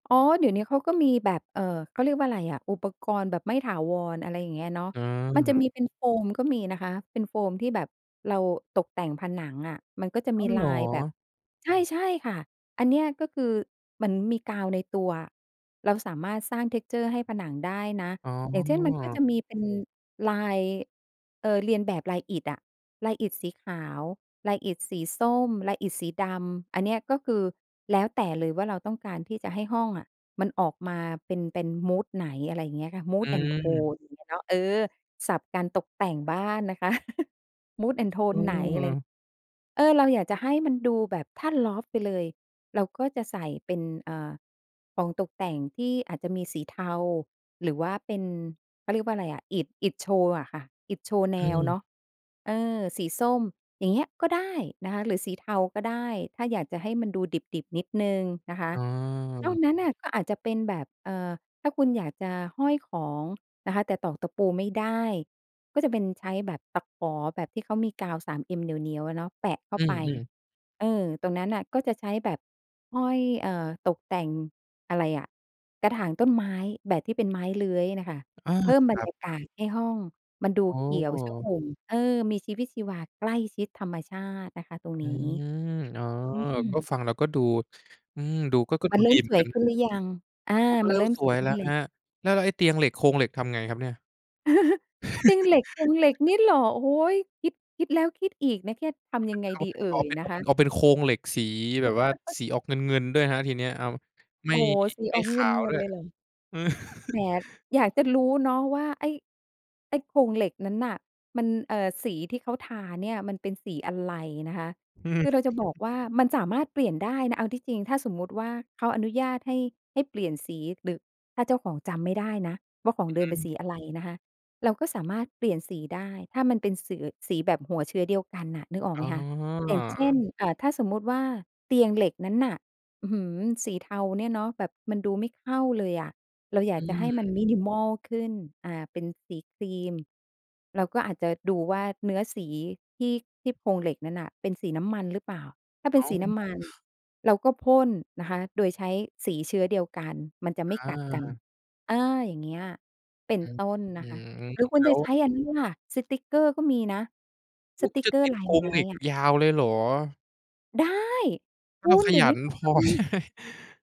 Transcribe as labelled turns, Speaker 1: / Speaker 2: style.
Speaker 1: อ๋อ เดี๋ยวเนี้ยเขาก็มีแบบ เอ่อ เขาเรียกว่าอะไรอะ อุปกรณ์แบบไม่ถาวร อะไรอย่างเงี้ยเนาะ
Speaker 2: อื
Speaker 1: มันจะ
Speaker 2: ม
Speaker 1: มีเป็นโฟมก็มีนะคะ เป็นโฟมที่แบบเราตกแต่งผนังอะ มันก็จะ
Speaker 2: อ้
Speaker 1: มี
Speaker 2: าว เ
Speaker 1: ล
Speaker 2: หร
Speaker 1: า
Speaker 2: อ?
Speaker 1: ยแบบ ใช่ ใช่ค่ะ อันเนี้ย ก็คือเหมือนมีกาวในตัวอะ เราสามารถสร้าง texture ให้ผนังได้นะ
Speaker 2: อ๋
Speaker 1: อย่างเช่น มันก็
Speaker 2: อ
Speaker 1: จะมีเป็นลาย เอ่อ เลียนแบบลายอิฐอะ ลายอิฐสีขาว ลายอิฐสีส้ม ลายอิฐสีดำ อันเนี้ย ก็คือแล้วแต่เลยว่าเราต้องการที่จะให้ห้องอะมันออกมาเป็น เป็น Mood ไหน อะไรอย่างเงี้ยค่ะ
Speaker 2: อ
Speaker 1: Mood and
Speaker 2: ืม
Speaker 1: Tone อย่างเงี้ยเนาะ เออ ศัพท์การตกแต่งบ้านนะคะ Mood and Tone ไหน อะไ
Speaker 2: อืม
Speaker 1: ร เออ เราอยากจะให้มันดูแบบ ถ้า loft ไปเลยเราก็จะใส่เป็น เอ่อ ของตกแต่งที่อาจจะมีสีเทา หรือว่าเป็น เขาเรียกว่าอะไรอะ อิฐ อิฐโชว์อะค่ะ อิฐโชว์แน
Speaker 2: อื
Speaker 1: วเน
Speaker 2: ม
Speaker 1: าะ เออ สีส้ม อย่างเงี้ยก็ได้นะคะ หรือสีเทาก็ได้ ถ้าอยากจะให้มันดูดิบ ๆ นิดหนึ่งนะคะ
Speaker 2: อ๋
Speaker 1: นอก
Speaker 2: อ
Speaker 1: นั้นน่ะก็อาจจะเป็นแบบ เอ่อ ถ้าคุณอยากจะห้อยของนะคะ แต่ตอกตะปูไม่ได้ ก็จะเป็นใช้แบบตะขอแบบที่เขามีกาว 3M เหนียว ๆ อะเนาะ แปะเข้
Speaker 2: อ
Speaker 1: า
Speaker 2: ื
Speaker 1: ไป
Speaker 2: ม ๆ
Speaker 1: เออ ตรงนั้นน่ะ ก็จะใช้แบบห้อย เอ่อ ตกแต่ง อะไรอะ กระถางต้นไม้แบบที่เป็นไม้เลื้อยน่ะค่ะ
Speaker 2: อา
Speaker 1: เพิ่มบร
Speaker 2: คร
Speaker 1: ร
Speaker 2: ับ
Speaker 1: ยากาศให้ห้องมันดู
Speaker 2: อ๋
Speaker 1: เขียวช
Speaker 2: อ
Speaker 1: อุ่ม เอ่อ มีชีวิตชีวา ใกล้ชิดธรรมชาตินะคะ ตรง
Speaker 2: อื
Speaker 1: นี้
Speaker 2: ม อ๋อ
Speaker 1: อื
Speaker 2: ก็
Speaker 1: ม
Speaker 2: ฟังแล้วก็ดู อืม ดูก็ ก็
Speaker 1: ม
Speaker 2: ด
Speaker 1: ั
Speaker 2: ู
Speaker 1: นเริ
Speaker 2: ด
Speaker 1: ่
Speaker 2: ี
Speaker 1: ม
Speaker 2: เหม
Speaker 1: ส
Speaker 2: ือน
Speaker 1: ว
Speaker 2: ก
Speaker 1: ย
Speaker 2: ัน
Speaker 1: ข
Speaker 2: น
Speaker 1: ึ้
Speaker 2: ะ
Speaker 1: นหรือยัง? อา
Speaker 2: โอ้ ก็
Speaker 1: ม
Speaker 2: เร
Speaker 1: ัน
Speaker 2: ิ่
Speaker 1: เร
Speaker 2: ม
Speaker 1: ิ่ม
Speaker 2: ส
Speaker 1: ส
Speaker 2: ว
Speaker 1: วย
Speaker 2: ย
Speaker 1: ข
Speaker 2: แ
Speaker 1: ึ
Speaker 2: ล
Speaker 1: ้
Speaker 2: ้
Speaker 1: น
Speaker 2: ว
Speaker 1: แล
Speaker 2: ค
Speaker 1: ้ว
Speaker 2: รับ แล้ว แล้วไอ้เตียงเหล็ก โครงเหล็ก ทำไงครับเนี่ย?
Speaker 1: เตียงเหล็ก โครงเหล็กนี่เหรอ โอ้โฮ! คิด คิดแล้วคิดอีกนะ แค่ ท
Speaker 2: เ
Speaker 1: ำยังไง
Speaker 2: อา
Speaker 1: ดี
Speaker 2: เป็น
Speaker 1: เอ่
Speaker 2: ไปเอา
Speaker 1: ย
Speaker 2: เอาเป็น
Speaker 1: น
Speaker 2: เอ
Speaker 1: ะ
Speaker 2: า
Speaker 1: ค
Speaker 2: เป็น
Speaker 1: ะ?
Speaker 2: เอาเป็นโครงเหล็กสีแบบว่าสีออกเงิน ๆ ด้วยครับ ทีเนี้ย เอาไม
Speaker 1: โ
Speaker 2: ่
Speaker 1: อ้โฮ! สี
Speaker 2: ไม
Speaker 1: อ
Speaker 2: ่
Speaker 1: อก
Speaker 2: ข
Speaker 1: เง
Speaker 2: าว
Speaker 1: ิ
Speaker 2: ด้
Speaker 1: น ๆ
Speaker 2: วย
Speaker 1: เลยเหรอ แหม อยากจะรู้เนาะว่าไอ้ ไอ้โครงเหล็กนั้นน่ะ มัน เอ่อ สีที่เค้าทาเนี่ยมันเป็นสีอะไรนะคะ
Speaker 2: อือฮ
Speaker 1: ค
Speaker 2: ึ
Speaker 1: ือเราจะบอกว่ามันสามารถเปลี่ยนได้นะ เอาที่จริง ถ้าสมมุติว่าเขาอนุญาตให้ ให้เปลี่ยนสี หรือถ้าเจ้าของจำไม่ได้นะว่าขอ
Speaker 2: อ
Speaker 1: ง
Speaker 2: ื
Speaker 1: เด
Speaker 2: อ
Speaker 1: ิ
Speaker 2: ฮ
Speaker 1: มเป็น
Speaker 2: ึ
Speaker 1: สีอะไรนะคะ เราก็สามารถเปลี่ยนสีได้ถ้ามันเป็น ส สีแบบหัวเชื้อเดียวกันน่ะ นึกออก
Speaker 2: อ
Speaker 1: ไ
Speaker 2: ๋
Speaker 1: หมคะ อย่างเช่
Speaker 2: อ
Speaker 1: น อ่า ถ้าสมมุติว่าเตียงเหล็กนั้นน่ะ อื้อฮือ! สีเทาเนี่ยเนาะ แบบมันดูไม่เข้าเลยอะ เราอย
Speaker 2: อ
Speaker 1: า
Speaker 2: ื
Speaker 1: กจะให้มัน
Speaker 2: ม
Speaker 1: minimal ขึ้น อ่า เป็นสีครีม เราก็อาจจะดูว่าเนื้อสีที่ ที่โครงเหล็กนั้นน่ะเป็นสีน้ำมันหรือเปล่า ถ้าเป็
Speaker 2: อ
Speaker 1: น
Speaker 2: ้า
Speaker 1: ส
Speaker 2: ว
Speaker 1: ีน้ำมันเราก็พ่นนะคะโดยใช้สีเชื้อเดียวกัน มันจะไม่
Speaker 2: อ
Speaker 1: กัดกัน
Speaker 2: า
Speaker 1: เอ่อ อย่างเงี้ยเป็น
Speaker 2: อืม
Speaker 1: ต้นน
Speaker 2: อื
Speaker 1: ะคะ
Speaker 2: ม
Speaker 1: หรือคุ
Speaker 2: แ
Speaker 1: ณ
Speaker 2: ล้
Speaker 1: จะ
Speaker 2: ว
Speaker 1: ใช้อันนั้นล่ะ สติกเกอร์ก็มีนะ ส
Speaker 2: อุ๊ย!
Speaker 1: ต
Speaker 2: คุ
Speaker 1: ิ
Speaker 2: ณ
Speaker 1: ก
Speaker 2: จ
Speaker 1: เ
Speaker 2: ะ
Speaker 1: กอร
Speaker 2: ต
Speaker 1: ์
Speaker 2: ิด
Speaker 1: ลา
Speaker 2: โค
Speaker 1: ย
Speaker 2: ร
Speaker 1: ไม
Speaker 2: ง
Speaker 1: ้
Speaker 2: เหล็ก
Speaker 1: อะ
Speaker 2: ยาวเลยเหรอ?
Speaker 1: ได้ ค
Speaker 2: ถ้
Speaker 1: ุ
Speaker 2: าเรา
Speaker 1: ณ
Speaker 2: ข
Speaker 1: เดี๋ย
Speaker 2: ย
Speaker 1: วน
Speaker 2: ั
Speaker 1: ี้
Speaker 2: น
Speaker 1: เขา
Speaker 2: พ
Speaker 1: ท
Speaker 2: อ
Speaker 1: ำ